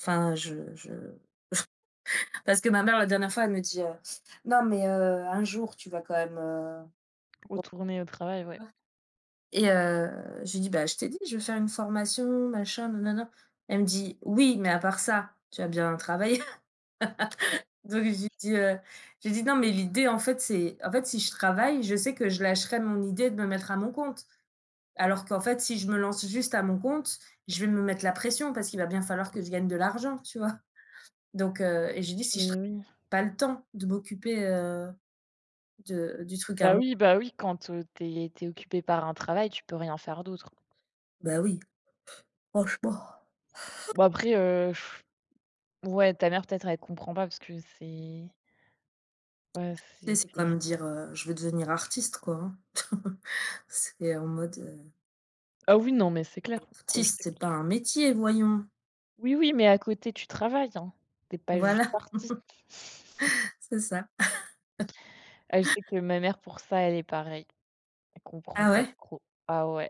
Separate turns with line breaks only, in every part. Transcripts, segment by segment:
Enfin je je parce que ma mère la dernière fois elle me dit, heu: «Non mais, heu, un jour tu vas quand même, heu»
Retourner au travail, ouais.
[unintelligible] et heu, je lui dis: «Bah, je t'ai dit je veux faire une formation, machin, nanana». Elle me dit: «Oui, mais à part ça, tu vas bien travailler?» Donc je lui dis, heu, je lui dis: «Non, mais l'idée, en fait c'est» en fait, si je travaille, je sais que je lâcherai mon idée de me mettre à mon compte. Alors qu'en fait si je me lance juste à mon compte, je vais me mettre la pression parce qu'il va bien falloir que je gagne de l'argent, tu vois? Donc heu, et je lui dis: «Si je tra
Beh oui.
pas le temps de m'occuper, heu, de du truc à
Bah
mon».
oui bah oui, quand, heu, tu es tu es occupée par un travail, tu peux rien faire d'autre.
Bah oui. Pff. Franchement.
Bah après, heu, ouais, ta mère peut-être elle comprend pas parce que c'est Ouais,
Tu sais
c'est
c'est
c'est
comme dire, heu, je veux devenir artiste, quoi, hein. C'est en mode, heu
Ah oui non, mais c'est clair.
Être
Heu,
artiste
c'est
c'est pas
c
un métier voyons!
Oui, oui, mais à côté tu travailles, hein, tu es pas juste
Voilà!
partie.
C'est ça.
Heu, je sais que ma mère pour ça, elle est pareille. Elle comprend
Ah
pas
ouais?
trop. Ah ouais,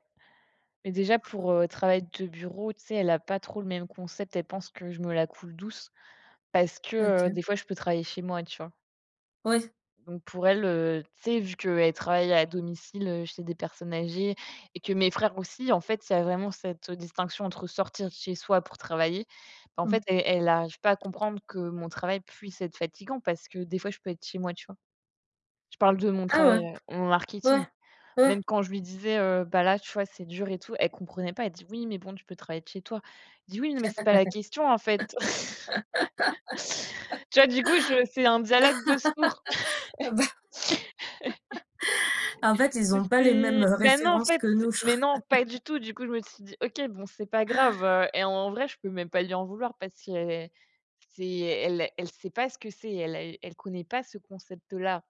mais déjà pour, heu, travail de bureau, tu sais, elle a pas trop le même concept, elle pense que je me la coule douce, parce que, heu,
OK.
des fois je peux travailler chez moi, tu vois?.
Ouais.
Donc pour elle, heu, tu sais vu qu'elle travaille à domicile, heu, chez des personnes âgées et que mes frères aussi, en fait, ça a vraiment cette, heu, distinction entre sortir de chez soi pour travailler, bah, en
Mmh.
fait, elle elle arrive pas à comprendre que mon travail puisse être fatigant parce que des fois je peux être chez moi, tu vois? Je parle de mon
Ah
travail,
ouais?
heu, en marketing.
Ouais, ouais.
Même quand je lui disais heu: «Bah là, tu vois, c'est dur et tout», elle comprenait pas, elle dit: «Oui, mais bon tu peux travailler de chez toi». Je dis: «Oui, non, mais c'est pas la question, en fait». Tu vois, du coup, je fais un dialogue de sourds,
Ah bah! En fait, ils
mais
ont pas les mêmes,
c'est
heu,
bah, non, en
références
fait,
que
c'est
nous je crois.
mais non pas du tout, du coup je me suis dit: «OK bon c'est pas grave, heu» et en vrai je peux même pas lui en vouloir parce c'est c'est
[unintelligible]
elle elle sait pas ce que c'est, elle elle connaît pas ce concept-là.